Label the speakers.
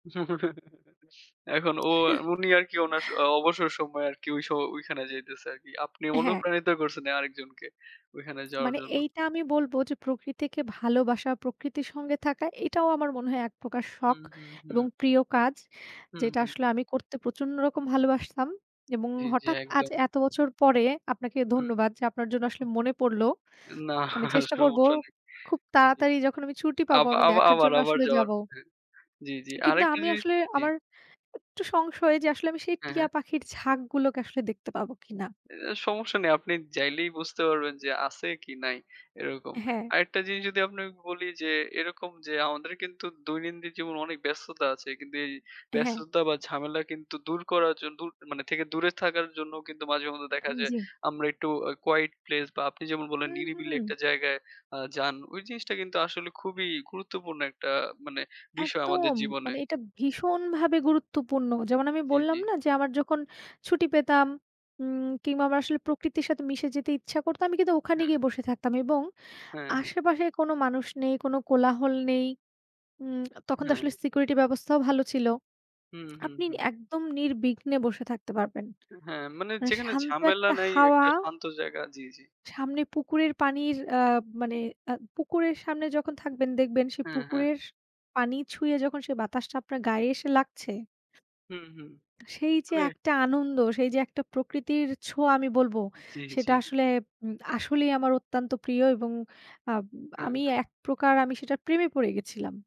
Speaker 1: এখন ও উনি আর কি উনার স অ অবসর সময় আর কি ঐ সো ঐখানে যাইতেছে আর কি। আপনি
Speaker 2: হ্যাঁ।
Speaker 1: অনুপ্রাণিত করছেন আরেকজনকে ঐখানে যাওয়ার
Speaker 2: মানে
Speaker 1: জন্য।
Speaker 2: এইটা আমি বলব যে, প্রকৃতিকে ভালোবাসা, প্রকৃতির সঙ্গে থাকা এটাও আমার মনে হয় একপ্রকার শখ
Speaker 1: হুম, হুম, হুম।
Speaker 2: এবং প্রিয় কাজ।
Speaker 1: হুম,
Speaker 2: যেটা
Speaker 1: হুম।
Speaker 2: আসলে আমি করতে প্রচণ্ড রকম ভালোবাসতাম এবং
Speaker 1: জি, জি,
Speaker 2: হঠাৎ আজ
Speaker 1: একদম।
Speaker 2: এত বছর পরে আপনাকে
Speaker 1: হুম।
Speaker 2: ধন্যবাদ যে, আপনার জন্য আসলে মনে পড়লো। আমি
Speaker 1: না
Speaker 2: চেষ্টা করব
Speaker 1: সমস্যা নেই।
Speaker 2: খুব
Speaker 1: জি।
Speaker 2: তাড়াতাড়ি যখন আমি ছুটি
Speaker 1: আব
Speaker 2: পাবো, আমি
Speaker 1: আবা
Speaker 2: দেখার
Speaker 1: আবার,
Speaker 2: জন্য
Speaker 1: আবার
Speaker 2: আসলে
Speaker 1: যাওয়ার।
Speaker 2: যাবো।
Speaker 1: হ্যাঁ, জি, জি।
Speaker 2: কিন্তু
Speaker 1: আরেকটা
Speaker 2: আমি
Speaker 1: জিনিস
Speaker 2: আসলে,
Speaker 1: জি।
Speaker 2: আমার একটু সংশয় যে, আসলে আমি সেই
Speaker 1: হ্যাঁ,
Speaker 2: টিয়া
Speaker 1: হ্যাঁ।
Speaker 2: পাখির ঝাঁক গুলোকে আসলে দেখতে পাবো কি না?
Speaker 1: এ সমস্যা নেই। আপনি যাইলেই বুঝতে পারবেন যে, আছে কি নাই এরকম।
Speaker 2: হ্যাঁ।
Speaker 1: আরেকটা জিনিস যদি আপনাকে বলি যে, এরকম যে আমাদের কিন্তু দৈনন্দিন জীবনে অনেক ব্যস্ততা আছে। কিন্তু এই
Speaker 2: হ্যাঁ।
Speaker 1: ব্যস্ততা বা ঝামেলা কিন্তু দূর করার জন দূর মানে থেকে দূরে থাকার জন্য কিন্তু মাঝে মধ্যে দেখা যায়
Speaker 2: জি।
Speaker 1: আমরা একটু আ quiet place বা আপনি যেমন বললেন
Speaker 2: হুম,
Speaker 1: নিরিবিলি
Speaker 2: হুম।
Speaker 1: একটা জায়গায় আ যান। ঐ জিনিসটা কিন্তু আসলে খুবই গুরুত্বপূর্ণ ১ টা মানে বিষয় আমাদের
Speaker 2: একদম,
Speaker 1: জীবনে।
Speaker 2: মানে এটা ভীষণভাবে গুরুত্বপূর্ণ। যেমন আমি
Speaker 1: জি, জি।
Speaker 2: বললাম না যে, আমার যখন ছুটি পেতাম উম কিংবা আমার আসলে প্রকৃতির সাথে মিশে যেতে ইচ্ছা করত, আমি কিন্তু ওখানে
Speaker 1: হ্যাঁ।
Speaker 2: গিয়ে বসে থাকতাম এবং
Speaker 1: হ্যাঁ, হ্যাঁ।
Speaker 2: আশেপাশে কোন মানুষ নেই, কোন কোলাহল নেই। উম তখন তো
Speaker 1: হ্যাঁ।
Speaker 2: আসলে সিকিউরিটি ব্যবস্থাও ভালো ছিল।
Speaker 1: হুম, হুম,
Speaker 2: আপনি
Speaker 1: হুম।
Speaker 2: একদম নির্বিঘ্নে বসে থাকতে পারবেন।
Speaker 1: এ হ্যাঁ, মানে
Speaker 2: মানে
Speaker 1: যেখানে
Speaker 2: শান্ত
Speaker 1: ঝামেলা
Speaker 2: একটা
Speaker 1: নাই ১
Speaker 2: হাওয়া।
Speaker 1: টা শান্ত জায়গা। জি, জি।
Speaker 2: সামনে পুকুরের পানির আ মানে আ পুকুরের সামনে যখন থাকবেন দেখবেন সেই
Speaker 1: হ্যাঁ, হ্যাঁ।
Speaker 2: পুকুরের পানি ছুঁয়ে যখন সেই বাতাসটা আপনার গায়ে এসে লাগছে
Speaker 1: হুম, হুম।
Speaker 2: সেই যে
Speaker 1: মানে
Speaker 2: একটা আনন্দ, সেই যে একটা প্রকৃতির ছোঁয়া আমি বলব
Speaker 1: জি,
Speaker 2: সেটা
Speaker 1: জি, জি।
Speaker 2: আসলে, উম আসলেই আমার অত্যন্ত প্রিয় এবং আব
Speaker 1: হ্যাঁ,
Speaker 2: আমি
Speaker 1: হ্যাঁ।
Speaker 2: ১ প্রকার, আমি সেটার প্রেমে পড়ে গেছিলাম।